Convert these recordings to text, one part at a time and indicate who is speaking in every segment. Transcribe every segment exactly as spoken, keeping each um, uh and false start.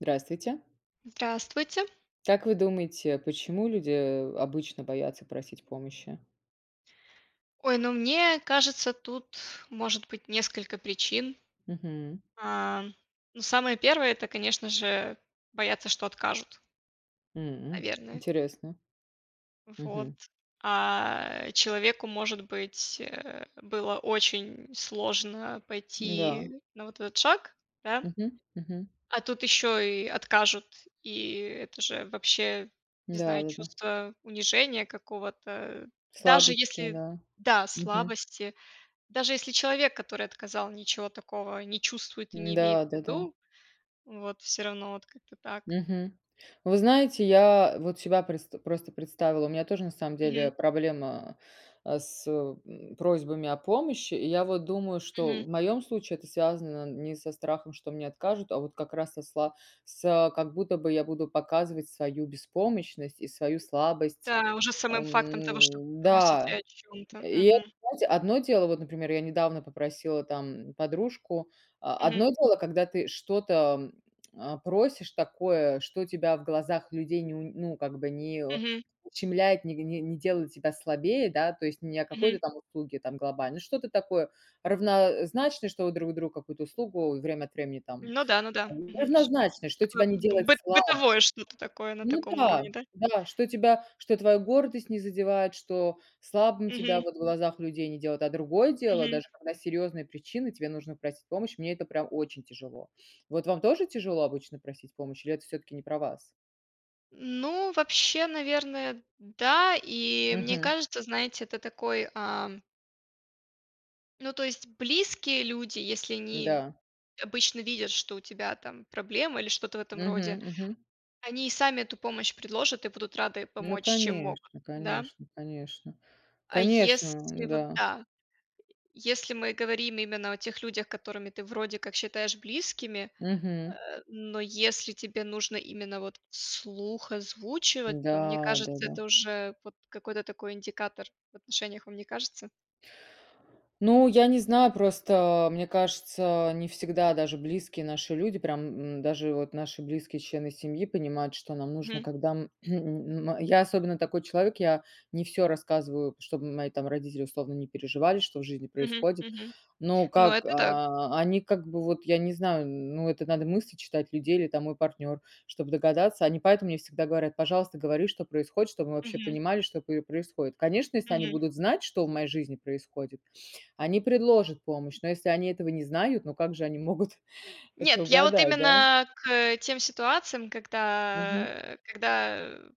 Speaker 1: Здравствуйте.
Speaker 2: Здравствуйте.
Speaker 1: Как вы думаете, почему люди, э, обычно боятся просить помощи?
Speaker 2: Ой, ну, мне кажется, тут может быть несколько причин,
Speaker 1: Мгм.
Speaker 2: а, ну, самое первое- это, конечно же, боятся, что откажут.
Speaker 1: М,
Speaker 2: Наверное.
Speaker 1: интересно.
Speaker 2: Вот.
Speaker 1: Мгм.
Speaker 2: А, человеку, может быть, э, было очень сложно
Speaker 1: Да.
Speaker 2: пойти на вот этот шаг, да.
Speaker 1: Мгм, мгм.
Speaker 2: А тут ещё и откажут, и это же вообще, не
Speaker 1: Да,
Speaker 2: знаю,
Speaker 1: да, да.
Speaker 2: чувство унижения какого-то, даже
Speaker 1: Слабость у тебя,
Speaker 2: если
Speaker 1: да.
Speaker 2: да,
Speaker 1: Мгм.
Speaker 2: слабости, даже если человек, который отказал, ничего такого не чувствует и не имеет в
Speaker 1: Да-да-да.
Speaker 2: виду. Вот, всё равно вот как-то так.
Speaker 1: Мгм. Вы знаете, я вот себя предста просто представила. У меня тоже, на самом
Speaker 2: Мгм.
Speaker 1: деле, проблема, а, с м, просьбами о помощи. И я вот думаю, что
Speaker 2: Мгм.
Speaker 1: в моём случае это связано не со страхом, что мне откажут, а вот как раз со с с как будто бы я буду показывать свою беспомощность и свою слабость,
Speaker 2: Да, уже с самым фактом того, что вы
Speaker 1: м.
Speaker 2: просите
Speaker 1: Да,
Speaker 2: о чём-то.
Speaker 1: и это,
Speaker 2: Мгм.
Speaker 1: знаете, одно дело, вот, например, я недавно попросила там подружку о одно
Speaker 2: Мгм.
Speaker 1: дело, когда ты что-то, а, просишь такое, что тебя в глазах людей, ню ну как бы, не
Speaker 2: Мгм.
Speaker 1: ущемляет, не не делает тебя слабее, да, то есть, не о
Speaker 2: Мгм.
Speaker 1: какой-то там услуге там глобальной. Ну, что-то такое равнозначное, что вы друг другу какую-то услугу время от времени, там
Speaker 2: Ну да, ну да. Мгм, ш
Speaker 1: равнозначное, что
Speaker 2: Такое
Speaker 1: тебя не
Speaker 2: б
Speaker 1: делать
Speaker 2: быт
Speaker 1: слабо.
Speaker 2: бытовое что-то такое на
Speaker 1: Ну
Speaker 2: таком уровне,
Speaker 1: да,
Speaker 2: да?
Speaker 1: да, что тебя что твоя гордость не задевает, что слабым тебя
Speaker 2: Мгм.
Speaker 1: вот в глазах людей не делает. А другое дело,
Speaker 2: Мгм.
Speaker 1: даже когда серьёзные причины, тебе нужно просить помощь, мне это, прям, очень тяжело. Вот вам тоже тяжело обычно просить помощь или это всё-таки не про вас?
Speaker 2: Ну, вообще, наверное, да. И мне
Speaker 1: Мгм.
Speaker 2: кажется, знаете, это такой, ам Ну, то есть близкие люди, если они
Speaker 1: Да.
Speaker 2: обычно видят, что у тебя там проблемы, или что-то в этом роде,
Speaker 1: Мгм мгм.
Speaker 2: они и сами эту помощь предложат? И будут рады
Speaker 1: Ну
Speaker 2: помочь чем могут,
Speaker 1: конечно
Speaker 2: да?
Speaker 1: конечно конечно
Speaker 2: А если
Speaker 1: конечно,
Speaker 2: вот,
Speaker 1: да.
Speaker 2: да, если мы говорим именно о тех людях, которыми ты вроде как считаешь близким, э,
Speaker 1: Мгм.
Speaker 2: но если тебе нужно именно вот вслух озвучивать. То мне
Speaker 1: Да,
Speaker 2: кажется,
Speaker 1: да-да.
Speaker 2: это уже вот какой-то такой индикатор в отношениях, вам не кажется?
Speaker 1: Ну, я не знаю. Просто, мне кажется, не всегда даже близкие наши люди, прям, м, даже вот наши близкие члены семьи понимают, что нам нужно.
Speaker 2: Мгм.
Speaker 1: Когда, м, я особенно такой человек, я не всё рассказываю. Чтоб мои там родители, условно, не переживали, что в жизни
Speaker 2: Мгм,
Speaker 1: происходит.
Speaker 2: мгм.
Speaker 1: Но
Speaker 2: Ну,
Speaker 1: как,
Speaker 2: это да.
Speaker 1: а, они как бы вот я не знаю, ну, это надо мысли читать людей или там мой партнёр, чтобы догадаться. Они поэтому мне всегда говорят: "Пожалуйста, говори, что происходит, чтобы мы вообще
Speaker 2: Мгм.
Speaker 1: понимали, что п происходит". Конечно, если они
Speaker 2: Мгм.
Speaker 1: будут знать, что в моей жизни происходит, они предложат помощь. Но если они этого не знают, ну как же они могут это
Speaker 2: Нет, я вот
Speaker 1: угадать, да?
Speaker 2: именно к тем ситуациям, когда,
Speaker 1: Мгм.
Speaker 2: э, когда, э,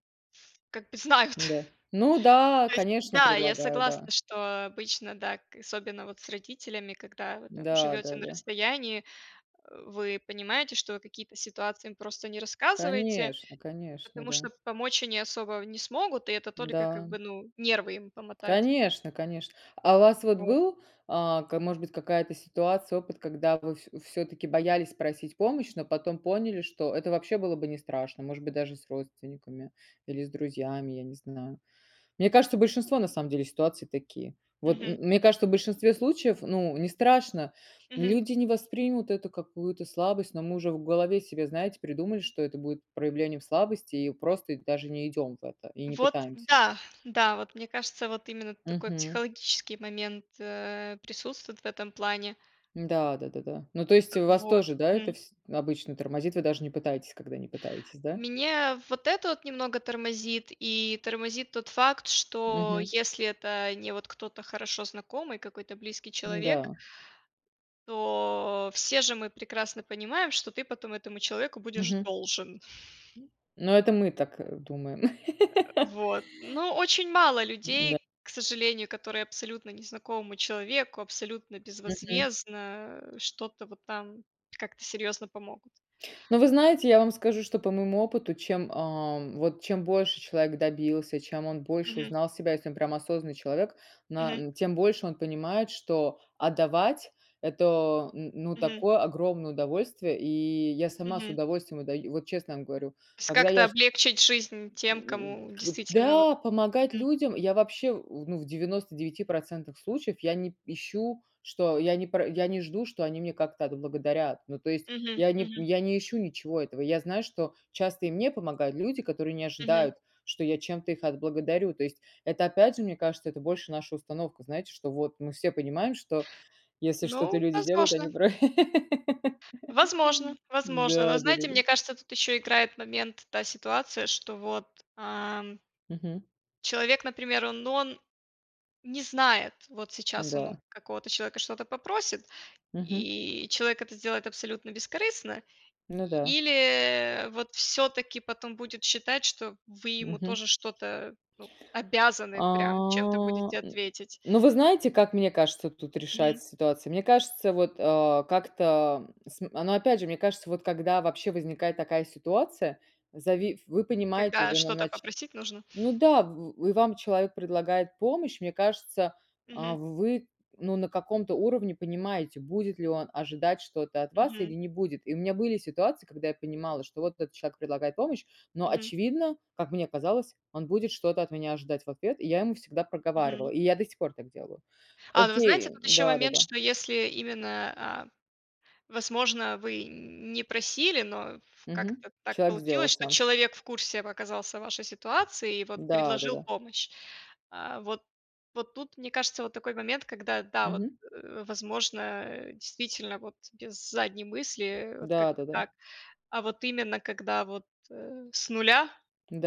Speaker 2: как бы знают.
Speaker 1: Да, ну, да
Speaker 2: То есть,
Speaker 1: конечно
Speaker 2: да, я
Speaker 1: предлагают, да.
Speaker 2: согласна что обычно, да. К особенно вот с родителями, когда вы там
Speaker 1: Да,
Speaker 2: живёте
Speaker 1: да,
Speaker 2: на
Speaker 1: да.
Speaker 2: расстоянии, э, вы понимаете, что какие-то ситуации им просто не рассказываете.
Speaker 1: Конечно конечно,
Speaker 2: Потому
Speaker 1: да.
Speaker 2: что, помочь они особо не смогут, и это только, как
Speaker 1: Да.
Speaker 2: бы, ну, нервы им помотать.
Speaker 1: Конечно конечно. А у вас вот
Speaker 2: Вот.
Speaker 1: был, а, к может быть, какая-то ситуация, опыт, когда вы всё всё-таки боялись просить помощь, но потом поняли, что это вообще было бы не страшно. Может быть, даже с родственниками, или с друзьями, я не знаю. Мне кажется, большинство на самом деле ситуации такие. Вот, м
Speaker 2: Мгм.
Speaker 1: мне кажется, в большинстве случаев, ну, не страшно.
Speaker 2: Мгм.
Speaker 1: Люди не воспримут эту какую-то слабость, но мы уже в голове себе, знаете, придумали, что это будет проявлением слабости, и просто даже не идём в это, и не
Speaker 2: Вот
Speaker 1: пытаемся.
Speaker 2: да, да. Вот мне кажется, вот именно такой
Speaker 1: Мгм.
Speaker 2: психологический момент, э, присутствует в этом плане.
Speaker 1: Да да да да. Ну, то есть у вас
Speaker 2: Вот,
Speaker 1: тоже, да, это
Speaker 2: мгм.
Speaker 1: вс обычно тормозит? Вы даже не пытаетесь, когда не пытаетесь, да?
Speaker 2: Мне вот это вот немного тормозит. И тормозит тот факт, что
Speaker 1: Мгм.
Speaker 2: если это не вот кто-то хорошо знакомый, какой-то близкий человек.
Speaker 1: Н-да.
Speaker 2: То все же мы прекрасно понимаем, что ты потом этому человеку будешь
Speaker 1: Мгм.
Speaker 2: должен.
Speaker 1: М, но это мы так, э, думаем.
Speaker 2: Э, вот. Но очень мало
Speaker 1: Н-да.
Speaker 2: людей, к сожалению, которые абсолютно незнакомому человеку, абсолютно
Speaker 1: Мгм.
Speaker 2: безвозвездно, э, что-то вот там как-то серьёзно помогут.
Speaker 1: Но вы знаете, я вам скажу, что по моему опыту, чем, ам, вот, чем больше человек добился, чем он больше
Speaker 2: Мгм.
Speaker 1: узнал себя, если он прям осознанный человек, на
Speaker 2: Мгм.
Speaker 1: н тем больше он понимает, что отдавать- это, н ну,
Speaker 2: Мгм.
Speaker 1: такое огромное удовольствие. И я сама с
Speaker 2: Мгм.
Speaker 1: удовольствием отдаю, вот честно вам говорю.
Speaker 2: То есть
Speaker 1: Когда
Speaker 2: как-то
Speaker 1: я ж
Speaker 2: облегчить жизнь тем,
Speaker 1: м,
Speaker 2: кому
Speaker 1: к
Speaker 2: действительно вот,
Speaker 1: да, помогать
Speaker 2: мгм.
Speaker 1: людям я вообще, у ну, в девяносто девяти процентах случаев я не п ищу, что я не пра я не жду, что они меня как-то отблагодарят. Ну, то есть
Speaker 2: Мгм,
Speaker 1: я не
Speaker 2: мгм.
Speaker 1: я не ищу ничего этого. Я знаю, что часто и мне помогают люди, которые не
Speaker 2: Мгм.
Speaker 1: ожидают, что я чем-то их отблагодарю. То есть, это опять же, мне кажется, это больше наша установка. Знаете, что вот мы все понимаем, что если что-то
Speaker 2: Ну,
Speaker 1: люди делают,
Speaker 2: возможно.
Speaker 1: они про
Speaker 2: Возможно возможно. Но
Speaker 1: Да да да
Speaker 2: знаете,
Speaker 1: да.
Speaker 2: мне кажется, тут ещё играет момент та ситуация, что вот, ам
Speaker 1: Мгм.
Speaker 2: Человек, например, он но он не знает, вот сейчас он у
Speaker 1: Да.
Speaker 2: какого-то человека что-то попросит,
Speaker 1: Мгм.
Speaker 2: и человек это сделает абсолютно бескорыстно.
Speaker 1: Ну да.
Speaker 2: Или вот всё-таки потом будет считать, что вы ему
Speaker 1: Мгм.
Speaker 2: тоже что-то, ну, обязаны прям чем-то
Speaker 1: А,
Speaker 2: будете
Speaker 1: н
Speaker 2: ответить.
Speaker 1: ну вы знаете, как мне кажется, тут
Speaker 2: Мгм.
Speaker 1: решается ситуация? Мне кажется, вот, а, как-то см но опять же, мне кажется, вот когда вообще возникает такая ситуация. Зави вы понимаете
Speaker 2: Когда
Speaker 1: уже
Speaker 2: что-то
Speaker 1: иначе,
Speaker 2: попросить нужно?
Speaker 1: ну да, в в и вам человек предлагает помощь. Мне кажется, а,
Speaker 2: Мгм.
Speaker 1: вы ну на каком-то уровне понимаете, будет ли он ожидать что-то от вас, или
Speaker 2: Мгм.
Speaker 1: не будет. И у меня были ситуации, когда я понимала, что вот этот человек предлагает помощь, но
Speaker 2: Мгм.
Speaker 1: очевидно, как мне казалось, он будет что-то от меня ожидать в ответ. И я ему всегда проговаривала,
Speaker 2: Мгм.
Speaker 1: и я до сих пор так делаю.
Speaker 2: А, ну вы знаете,
Speaker 1: Окей,
Speaker 2: тут ещё
Speaker 1: да да
Speaker 2: момент,
Speaker 1: да.
Speaker 2: что если именно, а, возможно, вы не просили, но ф
Speaker 1: Мгм,
Speaker 2: как-то так
Speaker 1: человек сделал
Speaker 2: получилось, что
Speaker 1: сам.
Speaker 2: человек в курсе в оказался вашей ситуации и вот
Speaker 1: Да, да,
Speaker 2: предложил
Speaker 1: да.
Speaker 2: помощь. А, вот вот тут мне кажется, вот такой момент когда да, вот,
Speaker 1: Мгм.
Speaker 2: э, возможно, э, действительно, вот без задней мысли, э, вот
Speaker 1: Да, да,
Speaker 2: как-то
Speaker 1: да.
Speaker 2: так. А вот именно, когда вот, э, с нуля,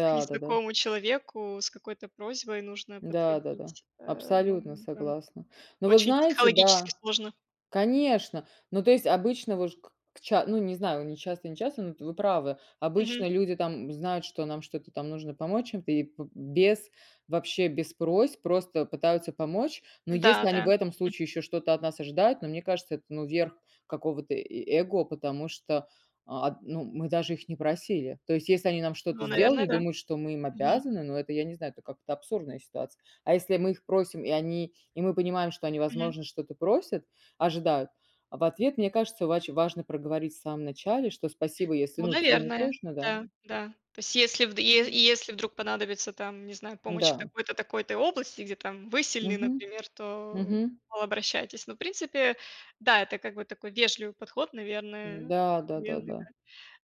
Speaker 2: к
Speaker 1: да, да.
Speaker 2: незнакомому человеку, с какой-то просьбой нужно
Speaker 1: Да, да, да,
Speaker 2: подходить. Э, ну
Speaker 1: абсолютно
Speaker 2: ну, ка
Speaker 1: согласна. Ну вот
Speaker 2: очень
Speaker 1: знаете,
Speaker 2: психологически
Speaker 1: да,
Speaker 2: сложно.
Speaker 1: конечно. Ну, то есть обычно, вы ж к к ча ну не знаю, не часто, не часто, но вот вы правы.
Speaker 2: Мгм.
Speaker 1: Обычно люди там знают, что нам что-то там нужно помочь чем-то, и б без, вообще, без просьб просто пытаются помочь. Но
Speaker 2: Да,
Speaker 1: если
Speaker 2: да,
Speaker 1: они в этом
Speaker 2: м.
Speaker 1: случае ещё что-то от нас ожидают, но мне кажется это ну, верх какого-то и и эго. Потому что, а, ну, мы даже их не просили. То есть, если они нам что-то
Speaker 2: Ну,
Speaker 1: сделали,
Speaker 2: наверное да,
Speaker 1: думают что мы им
Speaker 2: мгм.
Speaker 1: обязаны, ну, это я не знаю, это как-то абсурдная ситуация. А если мы их просим, и они, и мы понимаем, что они,
Speaker 2: Мгм.
Speaker 1: возможно, что-то просят, ожидают, а, в ответ. Мне кажется, вач важно проговорить в самом начале, что спасибо если
Speaker 2: Ну,
Speaker 1: ну тебе не
Speaker 2: наверное,
Speaker 1: сложно, да.
Speaker 2: да, да. То если вд е
Speaker 1: [unintelligible]
Speaker 2: если вдруг понадобится там, не знаю, помощь в
Speaker 1: Да.
Speaker 2: такой-то такой-то области, где там вы сильны
Speaker 1: Мгм,
Speaker 2: например, то
Speaker 1: мгм.
Speaker 2: мол обращайтесь. Но в принципе да, это как бы такой вежливый подход, наверное
Speaker 1: Да, да,
Speaker 2: наверное да,
Speaker 1: да,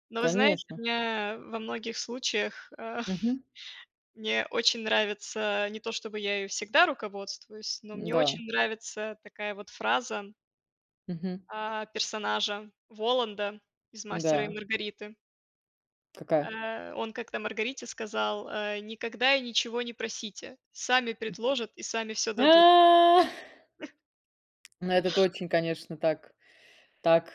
Speaker 2: но вы знаете,
Speaker 1: конечно.
Speaker 2: меня во многих случаях, а,
Speaker 1: Мгм.
Speaker 2: мне очень нравится не то, чтобы я ею всегда руководствуюсь, но мне
Speaker 1: Да.
Speaker 2: очень нравится такая вот фраза.
Speaker 1: Мгм.
Speaker 2: А, персонажа Воланда из "Мастера и
Speaker 1: Да.
Speaker 2: Маргариты".
Speaker 1: Какая?
Speaker 2: Э, он как-то Маргарите сказал: "Э, никогда и ничего не просите. Сами предложат и сами всё
Speaker 1: А
Speaker 2: дадут."
Speaker 1: Ну, это очень, конечно, так так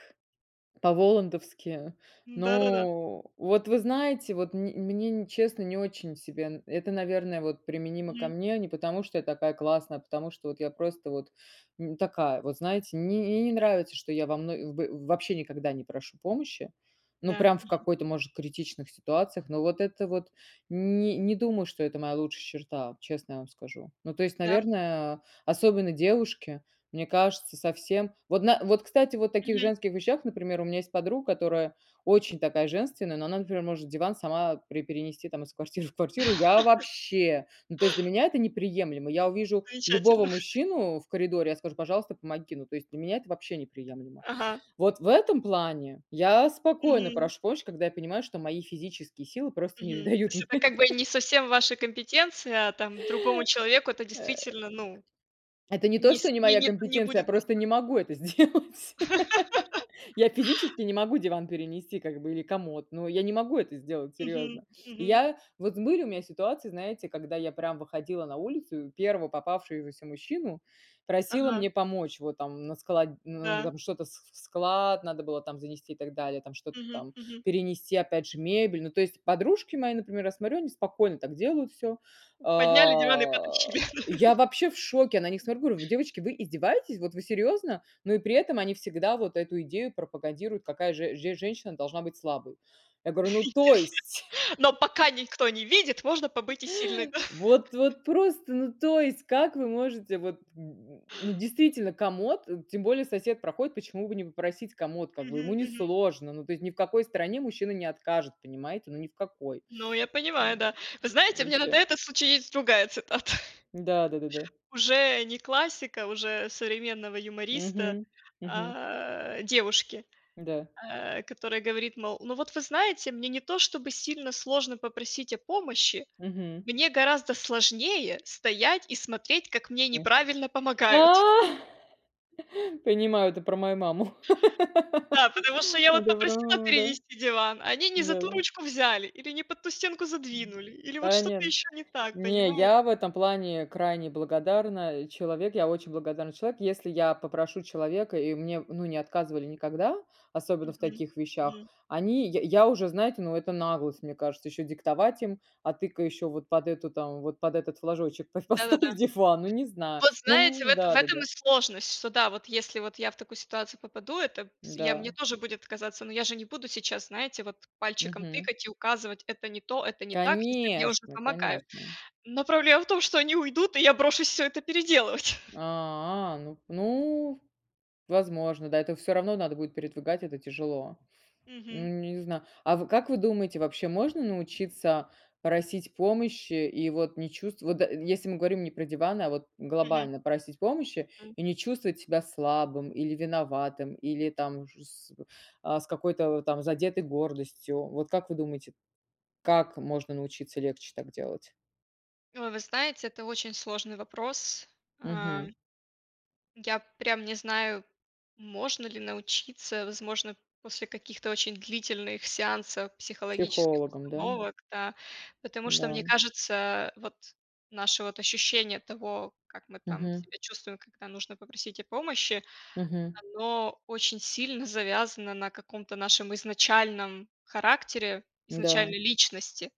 Speaker 1: по-волландовски.
Speaker 2: М, да-да-да.
Speaker 1: Ну вот, вы знаете, вот мн мне, н честно, не очень себе. Э это, наверное, вот применимо ко
Speaker 2: Мгм.
Speaker 1: мне. Не потому, что я такая классная, а потому что вот я просто вот, м, такая. Вот, знаете, мне н мне не
Speaker 2: Мгм.
Speaker 1: нравится, что я вам ну в в вообще никогда не прошу помощи. Ну,
Speaker 2: Да,
Speaker 1: прям в
Speaker 2: мгм.
Speaker 1: какой-то, может, критичных ситуациях. Но вот это вот н не думаю, что это моя лучшая черта, честно я вам скажу. Ну, то есть,
Speaker 2: Да.
Speaker 1: наверное, особенно девушке, мне кажется, совсем Вот, на вот кстати, вот в таких
Speaker 2: Мгм.
Speaker 1: женских вещах, например, у меня есть подруга, которая очень такая женственная, но она, например, может диван сама при перенести там из квартиры в квартиру- я вообще! Ну, то есть для меня это неприемлемо. Я увижу любого
Speaker 2: Замечательно.
Speaker 1: мужчину в коридоре, я скажу: "Пожалуйста, помоги". Ну, то есть для меня это вообще неприемлемо.
Speaker 2: Ага.
Speaker 1: Вот в этом плане я спокойно
Speaker 2: Мгм.
Speaker 1: прош [unintelligible] когда я понимаю, что мои физические силы просто не
Speaker 2: Мгм. То
Speaker 1: дают
Speaker 2: есть
Speaker 1: мне.
Speaker 2: это как бы и не совсем ваша компетенция, а там другому человеку это
Speaker 1: Э,
Speaker 2: действительно, ну,
Speaker 1: это не то,
Speaker 2: не с
Speaker 1: что не
Speaker 2: не,
Speaker 1: моя
Speaker 2: не не
Speaker 1: компетенция, я
Speaker 2: будет дос
Speaker 1: просто не могу это сделать. Я физически не могу диван перенести как бы или комод, но я не могу это сделать, серьёзно.
Speaker 2: Мгм,
Speaker 1: И
Speaker 2: мгм.
Speaker 1: я вот были у меня ситуации, знаете, когда я прям выходила на улицу и первого попавшегося мужчину просила
Speaker 2: Ага.
Speaker 1: мне помочь. Вот, там, на склад, н на
Speaker 2: Да.
Speaker 1: там что-то вс вс в склад там занести и так далее, там что-то
Speaker 2: Мгм,
Speaker 1: там
Speaker 2: мгм.
Speaker 1: перенести, опять же, мебель. Ну, то есть подружки мои, например, я смотрю, они спокойно так делают всё. А
Speaker 2: Подняли диван и потащили, да.
Speaker 1: я вообще в шоке. На них смотрю, говорю: "Девочки, вы издеваетесь? Вот, вы серьёзно?" Ну, и при этом они всегда вот эту идею пропагандируют, какая же же женщина должна быть слабой. Я говорю: "Ну, то есть?"
Speaker 2: [unintelligible] Но пока никто не видит, можно побыть и сильной, да.
Speaker 1: Вот вот просто, ну то есть как вы можете вот, э, ну, действительно, комод тем более сосед проходит, почему бы не попросить комод, как бы, ему
Speaker 2: Мгм,
Speaker 1: не
Speaker 2: мгм.
Speaker 1: сложно. Ну, то есть, ни в какой стране мужчина не откажет, понимаете? Ну, ни в какой.
Speaker 2: Ну, я понимаю,
Speaker 1: Э,
Speaker 2: да. Вы
Speaker 1: э, э,
Speaker 2: знаете, у меня на да
Speaker 1: вообще.
Speaker 2: этот случай есть другая цитата.
Speaker 1: Да, да-да-да.
Speaker 2: Уже не классика, уже современного юмориста.
Speaker 1: Мгм, мгм.
Speaker 2: А, девушке,
Speaker 1: Да.
Speaker 2: а, которая говорит, мол, ну вот вы знаете, мне не то чтобы сильно сложно попросить о помощи,
Speaker 1: Мгм.
Speaker 2: мне гораздо сложнее стоять и смотреть, как мне
Speaker 1: А.
Speaker 2: неправильно помогают.
Speaker 1: Понимаю, это про мою маму.
Speaker 2: Да, потому что я вот
Speaker 1: Это про
Speaker 2: попросила
Speaker 1: мою маму, да.
Speaker 2: перенести диван, а они не за ту
Speaker 1: Да.
Speaker 2: ручку взяли, или не под ту стенку задвинули, или вот что-то
Speaker 1: [unintelligible]
Speaker 2: ещё не так,
Speaker 1: Не,
Speaker 2: понимаете?
Speaker 1: я этом плане крайне благодарна человек, я очень благодарный человек. Если я попрошу человека, и мне, ну, не отказывали никогда, особенно в
Speaker 2: Мгм,
Speaker 1: таких вещах,
Speaker 2: мгм.
Speaker 1: они я я уже, знаете, ну, это наглость, мне кажется, ещё диктовать им: "А ты-ка ещё вот под эту там вот под этот флажочек по
Speaker 2: Да-да-да.
Speaker 1: поставь диван". Ну, не знаю.
Speaker 2: Вот знаете, в
Speaker 1: Ну
Speaker 2: этом в этом
Speaker 1: да-да-да.
Speaker 2: и сложность, что да, вот если вот я в такую ситуацию попаду, это п с я мне
Speaker 1: Да.
Speaker 2: тоже будет казаться, но я же не буду сейчас, знаете, вот пальчиком
Speaker 1: Мгм.
Speaker 2: тыкать и указывать: "Это не то, это не так", если мне уже
Speaker 1: Конечно,
Speaker 2: помогают.
Speaker 1: конечно.
Speaker 2: Но проблема в том, что они уйдут, и я брошусь всё это переделывать.
Speaker 1: А, ну. Ну, возможно. Да, это всё равно надо будет передвигать, это тяжело. Ну,
Speaker 2: Мгм.
Speaker 1: не зна А в как вы думаете, вообще, можно научиться просить помощи и вот не чувств вот если мы говорим не про диваны, а вот
Speaker 2: Мгм.
Speaker 1: глобально просить помощи,
Speaker 2: М.
Speaker 1: и не чувствовать себя слабым, или виноватым, или там уже с в а, с какой-то вот там задетой гордостью. Вот как вы думаете, как можно научиться легче так делать?
Speaker 2: Э, вы знаете, это очень сложный вопрос. А
Speaker 1: Мгм.
Speaker 2: Я прям не знаю, можно ли научиться, возможно, после каких-то очень длительных сеансов психологических
Speaker 1: Психологом, да?
Speaker 2: установок, да. Потому что, мне
Speaker 1: Да.
Speaker 2: кажется, вот наше вот ощущение того, как мы там
Speaker 1: Мгм.
Speaker 2: себя чувствуем, когда нужно попросить о помощи,
Speaker 1: Мгм.
Speaker 2: оно очень сильно завязано на каком-то нашем изначальном характере,
Speaker 1: Да.
Speaker 2: изначальной личности.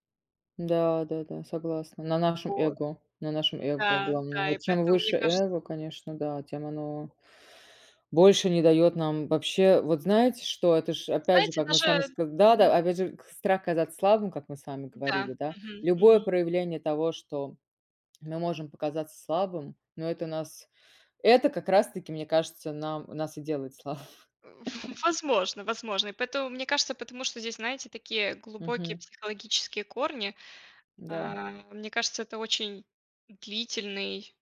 Speaker 1: Да-да-да, согласна. На нашем
Speaker 2: Вот.
Speaker 1: эго, на нашем эго
Speaker 2: Да
Speaker 1: главное.
Speaker 2: да, и
Speaker 1: Вот чем
Speaker 2: поэтому, мне
Speaker 1: выше
Speaker 2: кажется
Speaker 1: эго, конечно, да, тем оно больше не даёт нам Вообще, вот знаете, что? Это ж опять же,
Speaker 2: Знаете,
Speaker 1: как мы с
Speaker 2: даже
Speaker 1: вами ска
Speaker 2: мгм.
Speaker 1: да-да, опять же, к страх казаться слабым, как мы с вами говорили,
Speaker 2: Да,
Speaker 1: да.
Speaker 2: мгм,
Speaker 1: Любое
Speaker 2: мгм.
Speaker 1: проявление того, что мы можем показаться слабым, но это нас это как раз таки, мне кажется, нам нас и делает слабы
Speaker 2: Э, в в возможно возможно. Поэтому, мне кажется, потому что здесь, знаете, такие глубокие
Speaker 1: Мгм.
Speaker 2: психологические корни.
Speaker 1: Да.
Speaker 2: А, мне кажется, это очень длительный,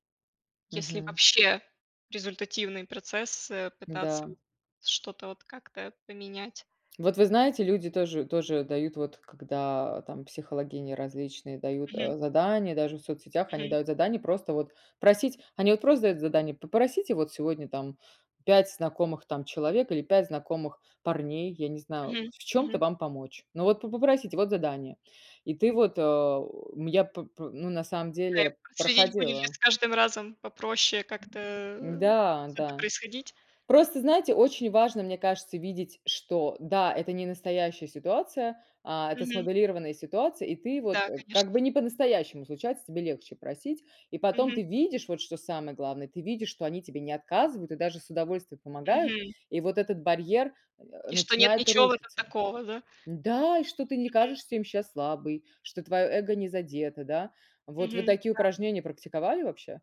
Speaker 2: если
Speaker 1: Мгм.
Speaker 2: вообще результативный процесс, э, пытаться
Speaker 1: Да.
Speaker 2: что-то вот как-то поменять.
Speaker 1: Вот вы знаете, люди тоже тоже тоже дают, вот когда там психологини различные дают,
Speaker 2: Мгм.
Speaker 1: э, задания, даже в соцсетях, они
Speaker 2: Мгм.
Speaker 1: дают задание просто вот просить Они вот просто дают задание: "Попросите вот сегодня там пять знакомых там человек или пять знакомых парней". Я не знаю:
Speaker 2: Мгм,
Speaker 1: "В чём-то
Speaker 2: мгм.
Speaker 1: вам помочь". Ну вот по попросите вот задание. И ты
Speaker 2: М.
Speaker 1: вот, э, я, п пр ну, на самом
Speaker 2: Да. И
Speaker 1: деле
Speaker 2: проследить, будет ли
Speaker 1: проходила.
Speaker 2: с каждым разом попроще, как-то, э, это
Speaker 1: Да-да.
Speaker 2: происходить.
Speaker 1: Просто, знаете, очень важно, мне кажется, видеть, что да, это не настоящая ситуация, а, это
Speaker 2: Мгм.
Speaker 1: смоделированная ситуация. И ты вот,
Speaker 2: Да,
Speaker 1: э, как
Speaker 2: конечно.
Speaker 1: бы не по-настоящему случается, тебе легче просить. И потом
Speaker 2: Мгм.
Speaker 1: ты видишь, вот что самое главное, ты видишь, что они тебе не отказывают и даже с удовольствием помогают.
Speaker 2: Мгм.
Speaker 1: И вот этот барьер, э,
Speaker 2: И что нет
Speaker 1: начинает
Speaker 2: ничего в этом
Speaker 1: рушиться.
Speaker 2: такого, да?
Speaker 1: Да, и что ты не
Speaker 2: Мгм.
Speaker 1: кажешься им щас слабой, что твоё эго не задето, да? Вот, вы
Speaker 2: Мгм,
Speaker 1: такие
Speaker 2: да.
Speaker 1: упражнения практиковали вообще?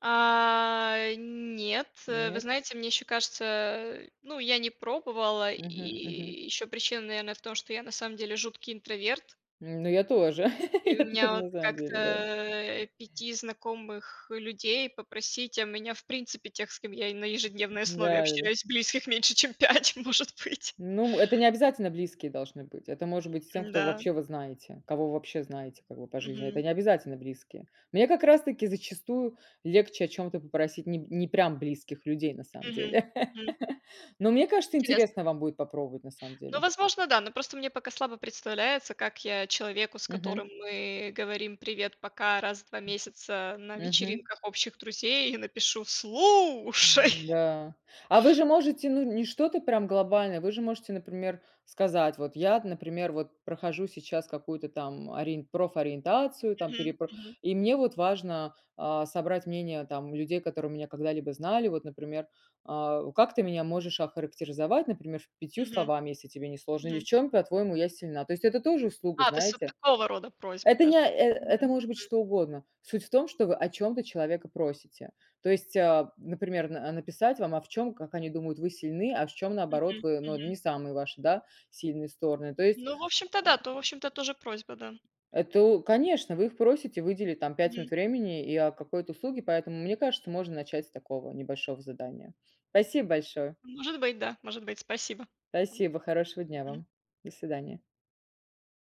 Speaker 2: А, нет. Э, вы
Speaker 1: Нет?
Speaker 2: знаете, мне ещё кажется, ну, я не пробовала.
Speaker 1: Мгм, мгм.
Speaker 2: И ещё причина, наверное, в том, что я на самом деле жуткий интроверт.
Speaker 1: М, ну, я тоже
Speaker 2: И
Speaker 1: я
Speaker 2: у меня
Speaker 1: тоже
Speaker 2: вот
Speaker 1: не знаю,
Speaker 2: как-то,
Speaker 1: [unintelligible] да.
Speaker 2: а, пяти знакомых людей попросить, а меня, в принципе, тех, с кем я и на ежедневной
Speaker 1: Да
Speaker 2: основе
Speaker 1: да да.
Speaker 2: общаюсь, близких меньше, чем пять, может быть.
Speaker 1: Ну, это необязательно близкие должны быть. Это может быть с тем, кого
Speaker 2: Да.
Speaker 1: вообще вы знаете. Кого вы вообще знаете как бы по жизни. Это
Speaker 2: Мгм.
Speaker 1: необязательно близкие. Мне как раз таки зачастую легче о чём-то попросить не п не прям близких людей на самом
Speaker 2: Мгм,
Speaker 1: деле.
Speaker 2: мгм.
Speaker 1: Но мне кажется,
Speaker 2: Интересно.
Speaker 1: интересно вам будет попробовать, на самом
Speaker 2: Ну,
Speaker 1: деле.
Speaker 2: возможно, да. Но просто мне пока слабо представляется, как я человеку, с
Speaker 1: Мгм.
Speaker 2: которым мы говорим: "Привет-пока", раз в два месяца на
Speaker 1: Мгм.
Speaker 2: вечеринках общих друзей, напишу: "Слушай"
Speaker 1: Да. А вы же можете, ну, не что-то прям глобальное, вы же можете, например, сказать: "Вот я, например, вот прохожу сейчас какую-то там ориен профориентацию там,
Speaker 2: Мгм,
Speaker 1: переп
Speaker 2: мгм.
Speaker 1: и мне вот важно, а, собрать мнение, там, людей, которые меня когда-либо знали. Вот, например, а, как ты меня можешь охарактеризовать, например, пятью
Speaker 2: Мгм.
Speaker 1: словами, если тебе не сложно, или в
Speaker 2: Мгм.
Speaker 1: чем, по-твоему, я сильна?" То есть, это тоже услуга,
Speaker 2: А, то есть вот
Speaker 1: знаете?
Speaker 2: такого рода просьбы
Speaker 1: Это не
Speaker 2: даже.
Speaker 1: о э
Speaker 2: Мгм,
Speaker 1: это может быть
Speaker 2: мгм.
Speaker 1: что угодно. Суть в том, что вы о чём-то человека просите. То есть, а, например, а, н написать вам, а в чём, как они думают, вы сильны, а в чём, наоборот,
Speaker 2: Мгм,
Speaker 1: вы, ну, э,
Speaker 2: мгм.
Speaker 1: не самые ваши, да, сильные стороны. То есть,
Speaker 2: Ну, в общем-то,
Speaker 1: а
Speaker 2: да, то в общем-то, тоже просьба, да.
Speaker 1: Это, о конечно, вы их просите выделить там пять минут
Speaker 2: Мгм.
Speaker 1: времени и, о, какой-то услуге, поэтому, мне кажется, можно начать с такого небольшого задания. Спасибо большое.
Speaker 2: Может быть, да. Может быть, спасибо.
Speaker 1: Спасибо. Хорошего дня
Speaker 2: Мгм.
Speaker 1: вам. До свидания.